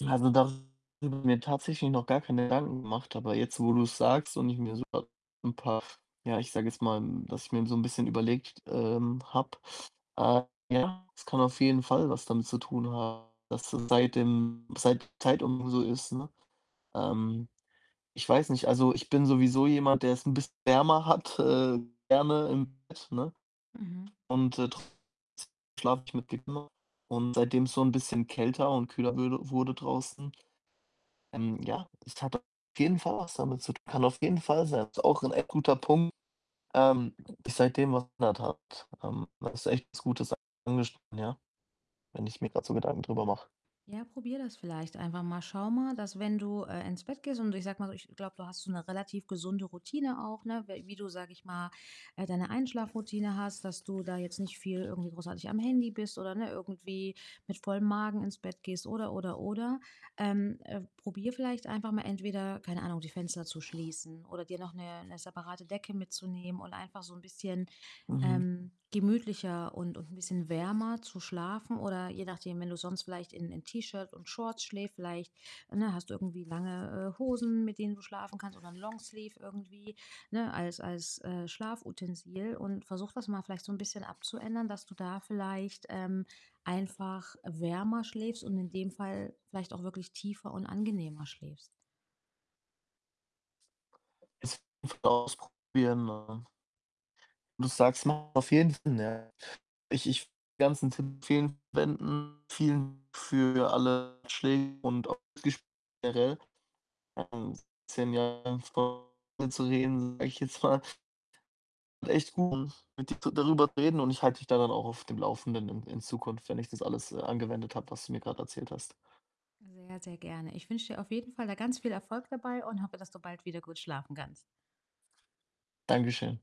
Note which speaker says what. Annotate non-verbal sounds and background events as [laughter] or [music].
Speaker 1: Ja, also, da habe ich mir tatsächlich noch gar keine Gedanken gemacht, aber jetzt, wo du's sagst und ich mir [unintelligible] 'n paar, ja, ich sage jetzt mal, dass ich mir so 'n bisschen überlegt t ähm, habe. Äh, ja, es kann auf jeden Fall was damit zu tun haben, dass seit dem seit Zeit um so ist, ne? Ähm, ich weiß nicht. Also, ich bin sowieso jemand, der's 'n bisschen wärmer hat. Äh, Wärme im Bett, ne?
Speaker 2: Mhm.
Speaker 1: Und, äh, trotzdem schlafe ich mit dick [unintelligible] und seitdem's so 'n bisschen kälter und kühler würde wurde draußen, ähm, ja, es hat auf jeden Fall was damit zu tun. Kann auf jeden Fall sein. Ist auch 'n echt guter Punkt. Ähm, sich seitdem was ändert hat. Ähm, da hast du echt was Gutes angeschnitten, ja. Wenn ich mir grad so Gedanken drüber mache.
Speaker 2: Ja, probiere das vielleicht einfach mal. Schau mal, dass wenn du, äh, ins Bett gehst und ich sage mal so, ich glaube, du hast so 'ne relativ gesunde Routine auch, ne? We wie du, sage ich mal, äh, deine Einschlafroutine hast, dass du da jetzt nicht viel irgendwie großartig am Handy bist oder, ne, irgendwie mit vollem Magen ins Bett gehst oder, oder, oder. Ähm, äh, probier vielleicht einfach mal entweder, keine Ahnung, die Fenster zu schließen oder dir noch 'ne 'ne separate Decke mitzunehmen und einfach so 'n bisschen,
Speaker 1: Mhm.
Speaker 2: ähm, gemütlicher und und 'n bisschen wärmer zu schlafen. Oder, je nachdem, wenn du sonst vielleicht in in T-Shirt und Shorts schläft, vielleicht, ne, hast du irgendwie lange, äh, Hosen, mit denen du schlafen kannst oder 'n Longsleeve irgendwie, ne, als als, äh, Schlafutensil und versuch das mal vielleicht so 'n bisschen abzuändern, dass du da vielleicht, ähm, einfach wärmer schläfst und in dem Fall vielleicht auch wirklich tiefer und angenehmer schläfst.
Speaker 1: Es [unintelligible] mal ausprobieren, ne? Du sagst ja, auf jeden Fall, ne? Ich ich die ganzen Tipp. [unintelligible] Vielen für alle Ratschläge und auch [unintelligible] Äh, um 10 Jahre vor zu reden, sage ich jetzt mal. Echt gut, mit dir darüber zu reden und ich halte dich da dann auch auf dem Laufenden in in Zukunft, wenn ich das alles, äh, angewendet habe, was du mir grad erzählt hast.
Speaker 2: Sehr, sehr gerne. Ich wünsche dir auf jeden Fall da ganz viel Erfolg dabei und hoffe, dass du bald wieder gut schlafen kannst.
Speaker 1: Danke schön.